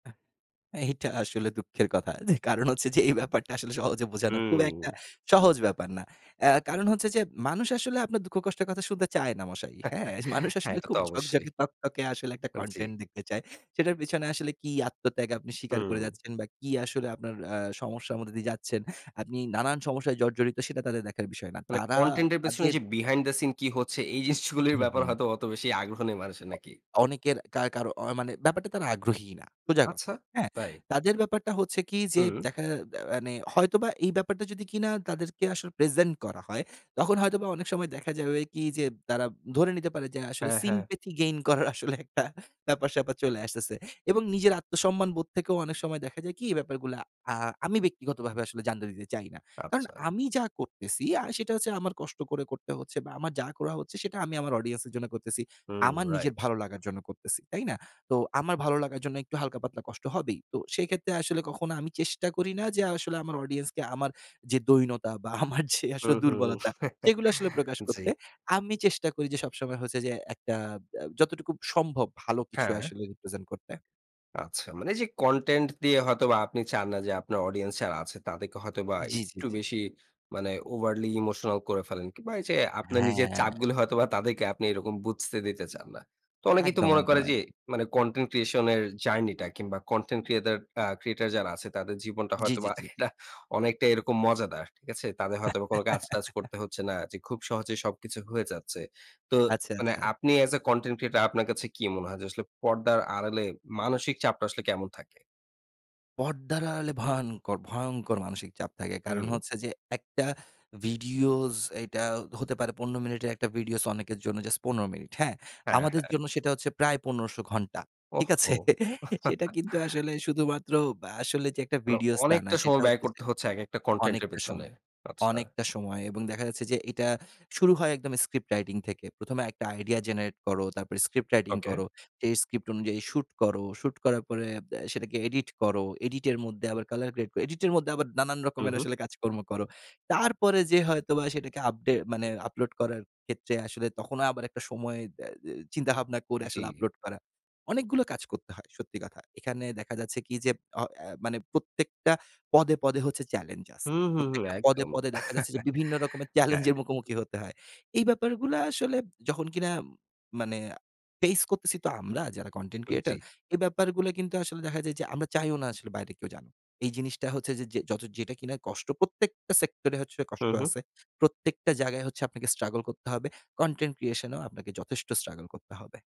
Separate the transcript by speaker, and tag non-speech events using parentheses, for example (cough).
Speaker 1: আ এইটা আসলে দুঃখের কথা। যে কারণ হচ্ছে যে এই ব্যাপারটা আসলে সহজে বোঝানো খুব একটা
Speaker 2: হুম।
Speaker 1: সহজ ব্যাপার না। এ কারণ হচ্ছে যে মানুষ আসলে আপনার দুঃখ কষ্টের কথা শুনতে চায় না মশাই, হ্যা?
Speaker 2: (chuckles)
Speaker 1: মানুষ
Speaker 2: হ্যা,
Speaker 1: আসলে
Speaker 2: এটা
Speaker 1: খুব
Speaker 2: তো অবশ্যই।
Speaker 1: ঝকঝকে তকতকে আসলে একটা
Speaker 2: আ জ্বি।
Speaker 1: content দেখতে চায়। সেটার পেছনে আসলে কি আত্মত্যাগ আপনি স্বীকার করে
Speaker 2: হুম।
Speaker 1: যাচ্ছেন বা কি আসলে আপনার আ সমস্যার মধ্যে দিয়ে যাচ্ছেন, আপনি নানান সমস্যায় জর্জরিত সেটা তাদের দেখার বিষয় না।
Speaker 2: মানে
Speaker 1: তারা
Speaker 2: content এর পেছনে
Speaker 1: তাদের
Speaker 2: যে behind the scene কি হচ্ছে, এই জিনিসগুলির
Speaker 1: হু,
Speaker 2: ব্যাপার
Speaker 1: হু।
Speaker 2: হয়তো অত বেশি আগ্রহ নিয়ে মানুষের
Speaker 1: অ
Speaker 2: নাকি?
Speaker 1: অনেকের কার কারো মানে ব্যাপারটায় তারা আগ্রহী না সোজা কথা,
Speaker 2: আচ্ছা,
Speaker 1: হ্যা।
Speaker 2: তাই?
Speaker 1: তাদের ব্যাপারটা হচ্ছে কি? যে
Speaker 2: হুম।
Speaker 1: দেখা যা মানে হয়তোবা এই ব্যাপারটা যদি কিনা তাদেরকে আসলে প্রেজেন্ট করা হয়, তখন হয়তোবা অনেক সময় দেখা যায় ঐ কি যে তারা ধরে নিতে পারে যে আসলে
Speaker 2: হ্যা, হ্যা।
Speaker 1: sympathy gain করার আসলে একটা ব্যাপার-স্যাপার চলে আসতেছে। এবং নিজের আত্মসম্মানবোধ থেকেও অনেক সময় দেখা যায় কি? এ ব্যাপারগুলো আ আমি ব্যক্তিগতভাবে আসলে জানতে দিতে চাই না। কারন
Speaker 2: আচ্ছা।
Speaker 1: আমি যা করতেছি আ সেটা হচ্ছে আমার কষ্ট করে করতে হচ্ছে বা, আমার যা করা হচ্ছে, সেটা আমি আমার audience এর জন্য করতেছি,
Speaker 2: হু,
Speaker 1: আমার নিজের
Speaker 2: রাইট।
Speaker 1: ভালো লাগার জন্য করতেছি, তাই না? তো আমার ভালো লাগার জন্য একটু হালকা পাতলা কষ্ট হবেই। তো সেক্ষেত্রে আসলে কখনো আমি চেষ্টা করি না যে আসলে আমার audience কে আমার যে দৈন্যতা বা, আমার যে
Speaker 2: হু,
Speaker 1: আসলে
Speaker 2: হুম।
Speaker 1: দুর্বলতা,
Speaker 2: (chuckles)
Speaker 1: সেগুলো আসলে প্রকাশ
Speaker 2: জ্বি।
Speaker 1: করতে। আমি চেষ্টা করি যে সবসময় হচ্ছে যে একটা বা যতটুকু সম্ভব ভালো কিছু
Speaker 2: হ্যা।
Speaker 1: আসলে represent করতে।
Speaker 2: আচ্ছা। মানে এইযে content দিয়ে হয়তোবা আপনি চান না যে আপনার audience যারা আছে, তাদেরকে হয়তোবা
Speaker 1: জ্বি, জ্বি,
Speaker 2: একটু
Speaker 1: জ্বি।
Speaker 2: বেশি মানে overly emotional করে ফেলেন, কিংবা এইযে আপনার নিজের
Speaker 1: হ্যা।
Speaker 2: চাপগুলো হয়তোবা তাদেরকে আপনি এরকম বুঝতে দিতে চান না। তো অনেকেই তো
Speaker 1: একদম,
Speaker 2: মনে
Speaker 1: একদম,
Speaker 2: করে যে
Speaker 1: একদম।
Speaker 2: মানে content creation এর জার্নিটা কিংবা content ক্রিয়েদের আ creator যারা আছে, তাদের জীবনটা
Speaker 1: জ্বি, জ্বি,
Speaker 2: হয়তোবা একটা
Speaker 1: জ্বি।
Speaker 2: (chuckles) অনেকটাই এরকম মজাদার, ঠিক আছে? তাদের হয়তোবা কোন কাজ-টাজ করতে
Speaker 1: (laughs)
Speaker 2: হচ্ছে না যে খুব সহজেই সবকিছু হয়ে যাচ্ছে। তো
Speaker 1: আচ্ছা,
Speaker 2: মানে
Speaker 1: আচ্ছা।
Speaker 2: আপনি as a content creator আপনার কাছে কি মনে হয় যে আসলে পর্দার আড়ালে মানসিক চাপটা আসলে কেমন থাকে?
Speaker 1: পর্দার আড়ালে ভয়ংকর ভয়ংকর মানসিক চাপ থাকে। কারণ
Speaker 2: হুম।
Speaker 1: হচ্ছে যে একটা ভিডিওস, এটা হতে পারে ১৫ মিনিটের একটা videos অনেকের জন্য জাস্ট ১৫ মিনিট, হ্যা।
Speaker 2: হ্যা,
Speaker 1: আমাদের
Speaker 2: হ্যা।
Speaker 1: জন্য সেটা হচ্ছে প্রায় ১৫০০ ঘণ্টা, ঠিক আছে?
Speaker 2: ওহহো!
Speaker 1: (chuckles) সেটা কিন্তু
Speaker 2: (chuckles)
Speaker 1: আসলে শুধুমাত্র বা আসলে যে একটা
Speaker 2: অন
Speaker 1: videos, তা না।
Speaker 2: অনেকটা
Speaker 1: সেটা
Speaker 2: সময় ব্যয়
Speaker 1: হচ্ছে যে
Speaker 2: করতে হচ্ছে একেকটা content এর
Speaker 1: অনেকটা
Speaker 2: পেছনে,
Speaker 1: সময়
Speaker 2: আচ্ছা।
Speaker 1: অনেকটা সময় এবং দেখা যাচ্ছে যে এটা শুরু হয় একদম script writing থেকে। ১ম এ একটা idea generate করো, তারপর script writing
Speaker 2: ওকে।
Speaker 1: করো, সেই script অনুযায়ী shoot করো, shoot করার পরে আব সেটাকে edit করো, edit এর মধ্যে আবার colour grade edit এর মধ্যে আবার নানান
Speaker 2: হু,
Speaker 1: রকমের
Speaker 2: হু।
Speaker 1: আসলে কাজকর্ম করো। তারপরে যেয়ে হয়তোবা সেটাকে আপডে মানে আপলোড করার ক্ষেত্রে আসলে তখনও আবার একটা সময় দে দে চিন্তাভাবনা করে আসলে
Speaker 2: জ্বি।
Speaker 1: আপলোড করা। অনেকগুলো কাজ করতে হয়, সত্যি কথা। এখানে দেখা যাচ্ছে কি? যে অ এ মানে প্রত্যেকটা পদে, পদে হচ্ছে চ্যালেঞ্জ
Speaker 2: হু,
Speaker 1: আছে।
Speaker 2: হু, হু,
Speaker 1: প্রত্যেকটা পদে,
Speaker 2: একদম।
Speaker 1: পদে দেখা যাচ্ছে যে বিভিন্ন রকমের
Speaker 2: (chuckles) হ্যা।
Speaker 1: চ্যালেঞ্জের মুখোমুখি হতে হয়। এই ব্যাপারগুলো আসলে যখন কিনা মানে ফেস করতেছি তো আমরা, যারা content
Speaker 2: উ
Speaker 1: creator,
Speaker 2: জ্বি।
Speaker 1: এই ব্যাপারগুলো কিন্তু আসলে দেখা যায় যে আমরা চাইও না বাইরে কেউ জানুক। এই জিনিসটা হচ্ছে যে যত যেটা কিনা কষ্ট প্রত্যেকটা সেক্টরে
Speaker 2: হু,
Speaker 1: কষ্ট
Speaker 2: হু।
Speaker 1: আছে। প্রত্যেকটা জায়গায় আপনাকে struggle স্ট্রাগল করতে হবে, content creation এও আপনাকে যথেষ্ট struggle করতে হবে।